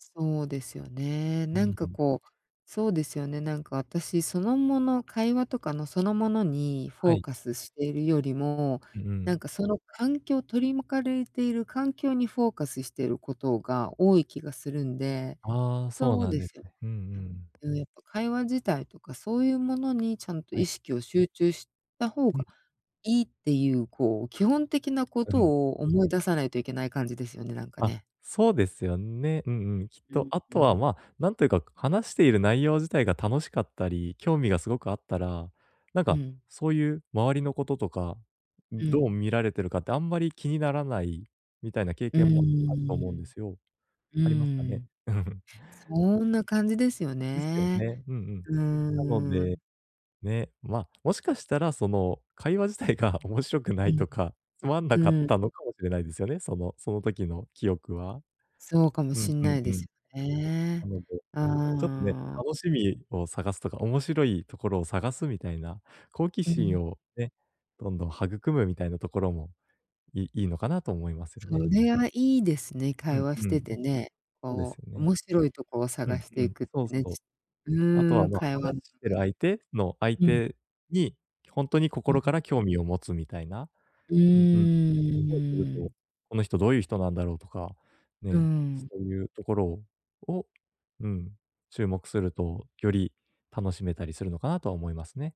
そうですよね、うなんん、かん。こうそうですよね、なんか私、そのもの会話とかのそのものにフはォーい。カスしているよりも、う、うなんん。かその環境取り巻かれている環境にフォーカスしてることが多い気がするんでああ、そうそうなんでですすよ、か、うんううん。ん。うん、やっぱ会話自体とかそういうものにちゃんとは意い。識を集中した方がん。いいってゆう、こう、基本的なこうとん。を思い出さないといけない感じですよね、なんかあ、ね。そうですよね、うんうん、きっうと、ん、あうとは、ん。まあ、なんというか話している内容自体が楽しかったり、興味がすごくあったら、なんうかん。そういう周りのこととか、んうどうん。見られてるかってあんまり気にならないみたいな経うん験もあると思うんですよ。うんうんうありますかんうん。うーね？ん。そんな感じですよですよね。ね？うんうん。うなのーで、ん。ね、まあ、もしかしたらその会話自体が面白くなういん。とか、つまんなうかっん。たのかもしれないですよね、そのその時の記憶は。そうかもうん、しんうないん、でうん。す、ね。なので、ちょっとね、ああ。楽しみを探すとか、面白いところを探すみたいな好奇うん。心をね、どんどん育むみたいなところもいいいのかなと思いますよそね。れはいいですね、う会ん、話しうてん。てね、そうですこようね。面白いとこをう探ん、してういん、くってそう、ね、そう。うあとーは、ん、まあ、会話話んして中るに。相手の相うん。手に、ほんとにう心かん。ら興味を持つみたいなうーん、うんうん。うそうすると、ーん。「この人どういう人なんだろう？」とか、うーね、そん。ういうところをを、うん、注目すると、より楽しめたりするのかなと思いますね。